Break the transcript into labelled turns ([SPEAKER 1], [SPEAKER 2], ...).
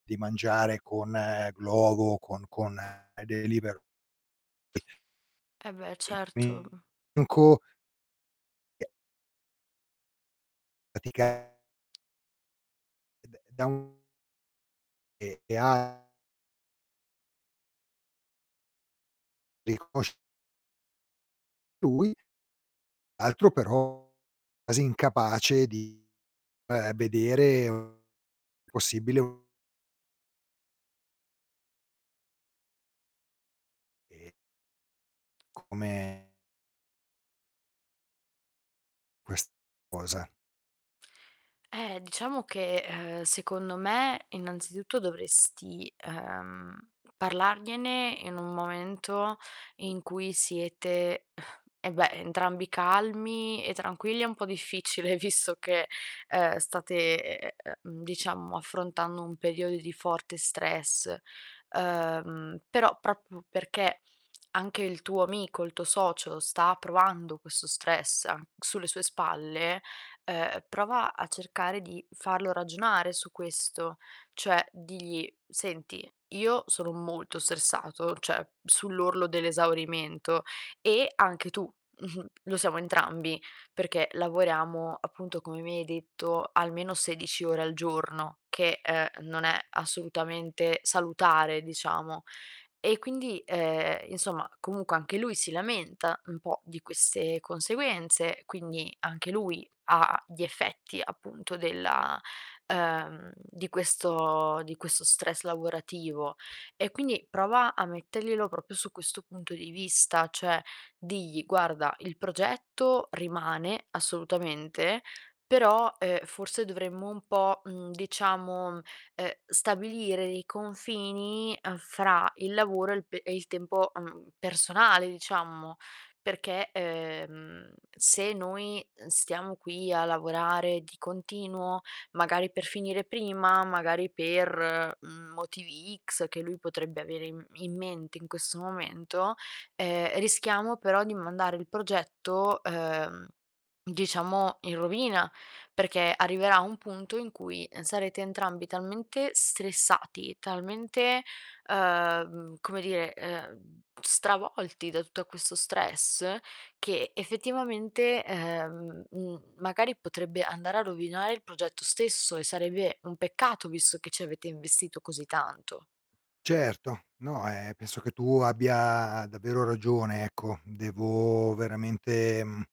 [SPEAKER 1] Di mangiare con Glovo, con con Deliveroo.
[SPEAKER 2] Eh beh,
[SPEAKER 1] E qui
[SPEAKER 2] certo.
[SPEAKER 1] n co E [unintelligible] E d da un E e ha Riconosc Lui. Altro però quasi incapace di, uhm, vedere possibile u E Come Quest cosa.
[SPEAKER 2] Eh, diciamo che, ehm, secondo me innanzitutto dovresti, uhm, parlargliene in un momento in cui siete eh beh, entrambi calmi e tranquilli, è un po' difficile visto che, uhm, state, e e uhm, diciamo affrontando un periodo di forte stress. Uhm, però proprio perché anche il tuo amico, il tuo socio sta provando questo stress an sulle sue spalle, uhm, prova a cercare di farlo ragionare su questo. Cioè, digli: "Senti, io sono molto stressato, cioè, sull'orlo dell'esaurimento, e anche tu, lo siamo entrambi, perché lavoriamo" appunto, come mi hai detto, almeno 16 ore al giorno, che, uhm, non è assolutamente salutare, diciamo. E quindi, uhm, insomma, comunque anche lui si lamenta un po' di queste conseguenze, quindi anche lui ha gli effetti appunto della uhm, di questo di questo stress lavorativo. E, quindi prova a metterglielo proprio su questo punto di vista, cioè digli: "Guarda, il progetto rimane assolutamente, però, uhm, forse dovremmo un po', mhmm, diciamo, uhm, stabilire dei confini, uhm, fra il lavoro e il pe e il tempo, mhmm, personale, diciamo. Perché, ehm, se noi stiamo qui a lavorare di continuo, magari, per finire prima, magari per motivi X" che lui potrebbe avere in in mente in questo momento, ehm: "Rischiamo però di mandare il progetto, uhm, diciamo, in rovina." Perché arriverà un punto in cui sarete entrambi talmente stressati, talmente, uhm, come dire, uhm, stravolti da tutto questo stress, che effettivamente, uhm, mhmm, magari potrebbe andare a rovinare il progetto stesso e sarebbe un peccato, visto che ci avete investito così tanto.
[SPEAKER 1] Certo, no, ehm, penso che tu abbia davvero ragione, ecco. Devo veramente, mhmm